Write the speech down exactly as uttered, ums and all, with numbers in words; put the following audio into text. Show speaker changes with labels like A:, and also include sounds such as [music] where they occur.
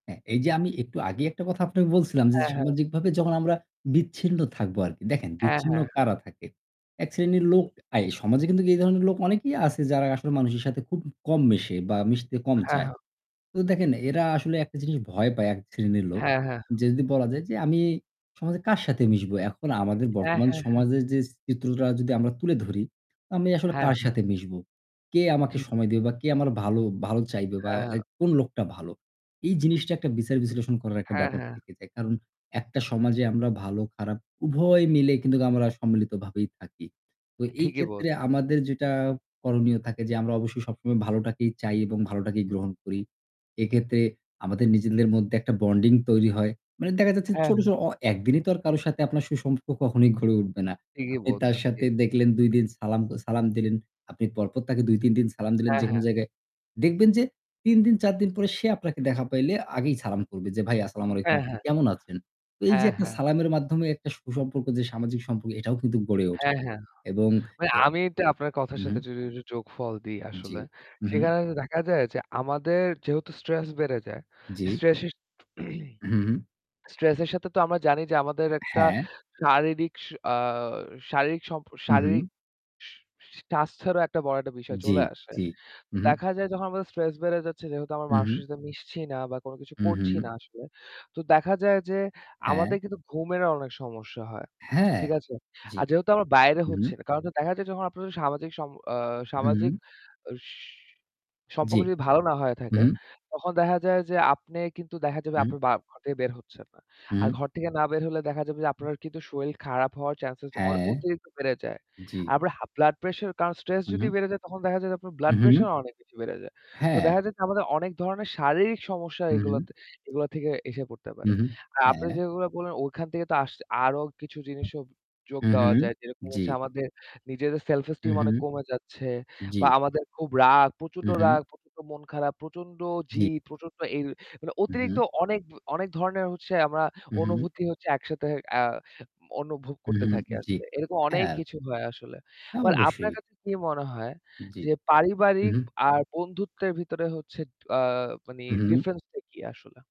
A: হ্যাঁ, এই যে আমি একটু আগেই একটা কথা আপনাকে বলছিলাম যে
B: হ্যাঁ, হ্যাঁ।
A: সামাজিকভাবে যখন আমরা বিচ্ছিন্ন থাকবো আরকি। দেখেন
B: হ্যাঁ,
A: বিচ্ছিন্ন
B: হ্যাঁ, হ্যাঁ।
A: কারা থাকে। এক শ্রেণীর লোক
B: হুম।
A: আই সমাজে কিন্তু এই ধরনের লোক অনেকেই আছে যারা আসলে মানুষের সাথে খুব কম মেশে বা মিশতে কম
B: হ্যাঁ,
A: চায়।
B: হ্যাঁ।
A: তো দেখেন এরা আসলে একটা জিনিস ভয় পায় এক শ্রেণীর লোক।
B: হ্যাঁ, হ্যাঁ, হ্যাঁ।
A: যে যদি বলা যায় যে আমি সমাজে কার সাথে মিশবো? এখন আমাদের
B: হ্যাঁ,
A: বর্তমান
B: হ্যাঁ, হ্যাঁ।
A: সমাজের যে চিত্রটা যদি আমরা তুলে ধরি, আমি আসলে
B: হ্যাঁ,
A: কার
B: হ্যাঁ।
A: সাথে মিশবো? কে আমাকে
B: ঠিক।
A: সময় দেবে বা কে আমার ভালো ভালো চাইবে বা
B: হ্যাঁ, হ্যাঁ।
A: like কোন লোকটা ভালো। এই জিনিসটা একটা বিচার বিশ্লেষণ করার একটা
B: হ্যাঁ,
A: ব্যাপার
B: হ্যাঁ।
A: থেকে যায়। কারণ একটা সমাজে আমরা ভালো খারাপ উভয় মিলে কিন্তু আমরা সম্মিলিত ভাবেই থাকি। তো এই
B: ঠিকই
A: ক্ষেত্রে
B: বলছেন।
A: আমাদের যেটা করণীয় থাকে যে আমরা অবশ্যই সবসময় ভালোটাকেই চাই এবং ভালোটাকেই গ্রহণ করি। এক্ষেত্রে আমাদের নিজেদের মধ্যে একটা বন্ডিং তৈরি হয়। মানে দেখা যাচ্ছে
B: হ্যাঁ,
A: ছোট,
B: হ্যাঁ।
A: ছোট অ একদিনই তো আর কারো সাথে আপনার সুসম্পর্ক কখনোই ঘরে উঠবে না।
B: ঠিকই
A: আপনি তার
B: বলছেন ঠিক।
A: সাথে দেখলেন দুই দিন সালাম সালাম দিলেন। আপনি পরপর তাকে দুই-তিন দিন সালাম দিলেন
B: হ্যাঁ,
A: যেকোনো
B: হ্যাঁ।
A: জায়গায়। দেখবেন যে তিন দিন চার দিন পরে সে আপনাকে দেখা পাইলে আগেই সালাম করবে যে "ভাই আসসালামু আলাইকুম।
B: হ্যাঁ,
A: আপনি
B: হ্যাঁ,
A: কেমন আছেন?" তো এই যে
B: হ্যাঁ,
A: একটা
B: হ্যাঁ।
A: সালামের মাধ্যমে একটা সুসম্পর্ক যে সামাজিক সম্পর্ক এটাও কিন্তু গড়ে ওঠে।
B: হ্যাঁ, হ্যাঁ।
A: এবং
B: ভাই
A: এ
B: আমি একটু আপনার কথার
A: হু, হু।
B: সাথে যদি একটু যোগফল দেই
A: জি,
B: আসলে।
A: হু, হু।
B: সেখানে কিন্তু দেখা যায় যে আমাদের যেহেতু স্ট্রেস বেড়ে যায়।
A: জি।
B: স্ট্রেসের [clears throat]
A: হু, হু, হু।
B: স্ট্রেসের সাথে তো আমরা জানি যে আমাদের একটা
A: হ্যাঁ।
B: শারীরিক স আ শারীরিক সম্পর
A: হু,
B: শারীরিক
A: হু।
B: স স স্বাস্থ্যেরও একটা বড় একটা বিষয়
A: জি,
B: চলে আসে।
A: জি, হু,
B: তো
A: হু।
B: দেখা যায় যখন আমাদের স্ট্রেস বেড়ে যাচ্ছে, যেহেতু আমরা
A: হু, হু।
B: মানুষের সাথে মিশছি না বা কোনকিছু
A: হু,
B: করছি না
A: হু।
B: আসলে। তো দেখা যায় যে
A: হ্যাঁ।
B: আমাদের কিন্তু ঘুমেরও অনেক সমস্যা হয়।
A: হ্যাঁ,
B: ঠিক আছে?
A: জি,
B: আর যেহেতু আমরা বাইরে হচ্ছি
A: হু।
B: না। কারণ দেখা যায় আপনাদের সামাজিক সম্প আ
A: হু,
B: সামাজিক
A: হু।
B: স
A: জি,
B: সম্পর্ক যদি ভালো না হয়ে
A: হু,
B: থাকে,
A: হু।
B: তখন দেখা যায় যে আপনি কিন্তু দেখা যাবে
A: হুম।
B: আপনি বা ঘর থেকে বের হচ্ছেন না। আর
A: হুম।
B: ঘর থেকে না বের হলে দেখা যাবে যে
A: হু।
B: আপনার কিন্তু শরীর খারাপ হওয়ার চান্স অ
A: হ্যাঁ,
B: অতিরিক্ত বেড়ে যায়।
A: জি।
B: আর আপনার হা ব্লাড প্রেশার কারণ স্ট্রেস
A: হু,
B: যদি
A: হু।
B: বেড়ে যায় তখন দেখা যায় যে আপনার ব্লাড
A: উহু।
B: প্রেশার অনেক বেশি বেড়ে যায়। তো
A: হ্যাঁ।
B: দেখা যায় আমাদের অনেক ধরনের শারীরিক সমস্যা
A: হু, হু।
B: এগুলোতে এগুলা থেকে এসে পড়তে পারে।
A: হুম, হুম,
B: আর আপনি
A: হ্যাঁ।
B: যেগুলো বললেন ওখান থেকে তো আস আরও কিছু জিনিসও যোগ
A: হু, হু,
B: দেওয়া যায়। যেরকম
A: জি।
B: হচ্ছে আমাদের নিজেদের সেলফ
A: হু,
B: এস্টিম
A: হু,
B: অনেক কমে যাচ্ছে।
A: জি।
B: বা আমাদের খুব রাগ। প্রচন্ড
A: হু, হু।
B: রাগ, প্রচন্ড মন খারাপ। প্রচন্ড জি
A: জি।
B: প্রচন্ড ই মানে
A: হু,
B: অতিরিক্ত
A: হু।
B: অনেক, অনেক ধরণের
A: হু, হু।
B: অনুভূতি হচ্ছে আ একসাথে অ্যা অনুভব
A: হু,
B: করতে
A: হু,
B: থাকি।
A: জি,
B: এরকম অনেক
A: হ্যাঁ।
B: কিছু হয় আসলে।
A: হ্যাঁ
B: ভাই আপনার
A: অবশ্যই।
B: কাছে কি মনে হয়
A: জি,
B: যে পারিবারিক
A: হু।
B: আর বন্ধুত্বের ভিতরে হচ্ছে আ মানে
A: হু, হু।
B: ডিফারেন্সটা কি আসলে?